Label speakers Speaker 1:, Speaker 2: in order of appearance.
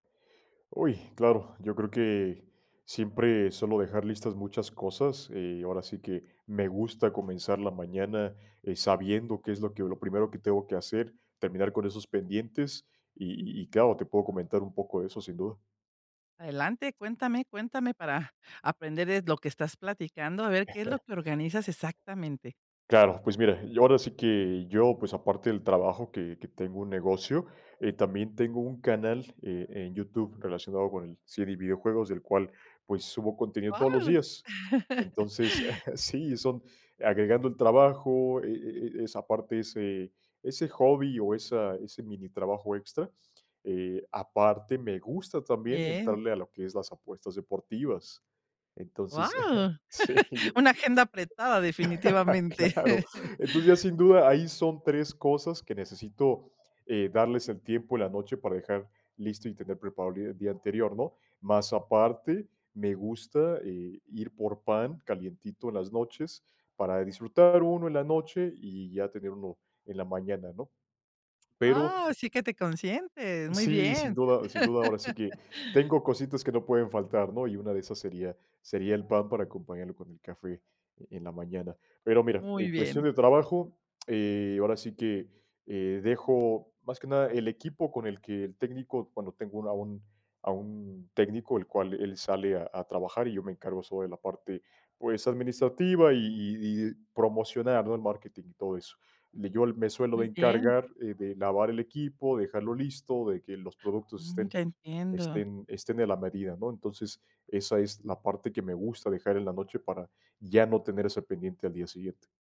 Speaker 1: ¡Uy! Claro. Yo creo que siempre suelo dejar listas muchas cosas, eh, ahora sí que, me gusta comenzar la mañana, eh, sabiendo qué es lo que lo primero que tengo que hacer, terminar con esos pendientes y y claro, te puedo comentar un poco de eso, sin duda.
Speaker 2: Adelante. Cuéntame cuéntame para aprender de lo que estás platicando. A ver, ¿qué es lo que organizas exactamente?
Speaker 1: Claro, pues, mira, yo, ahora sí que yo, pues, aparte del trabajo que que tengo un negocio, eh, también tengo un canal, eh, en YouTube, relacionado con el serie y videojuegos, el cual, pues, subo contenido todos los
Speaker 2: Guau.
Speaker 1: días. Entonces Sí, son agregando al trabajo e e e esa parte, ese ese hobby o esa ese minitrabajo extra. Eh, aparte me gusta también
Speaker 2: Bien.
Speaker 1: entrarle a lo que es las apuestas deportivas. Entonces
Speaker 2: Guau.
Speaker 1: Sí, ya
Speaker 2: Una agenda apretada, definitivamente.
Speaker 1: Claro. Entonces, ya sin duda, ahí son 3 cosas que necesito, eh, darles el tiempo en la noche para dejar listo y tener preparado el día anterior, ¿no? Más aparte, me gusta, eh, ir por pan calientito en las noches para disfrutar 1 en la noche y ya tener 1 en la mañana, ¿no? Pero
Speaker 2: Ah, sí que te consientes. Muy
Speaker 1: Sí, sin
Speaker 2: bien.
Speaker 1: duda. Sin duda, ahora sí que, tengo cositas que no pueden faltar, ¿no?, y una de esas sería sería el pan, para acompañarlo con el café en la mañana. Pero mira,
Speaker 2: Muy
Speaker 1: en cuestión
Speaker 2: bien.
Speaker 1: de trabajo, eh, ahora sí que, eh, dejo más que nada el equipo con el que el técnico, bueno, tengo un a un a un técnico, el cual él sale a a trabajar y yo me encargo sobre la parte, pues, administrativa y y y promocionar, ¿no?, el marketing y todo eso. Le Yo me suelo de
Speaker 2: Muy bien.
Speaker 1: encargar, eh, de lavar el equipo, dejarlo listo, de que los productos
Speaker 2: Mm,
Speaker 1: estén
Speaker 2: ya entiendo.
Speaker 1: estén estén en la medida, ¿no? Entonces, esa es la parte que me gusta dejar en la noche para ya no tener ese pendiente al día siguiente.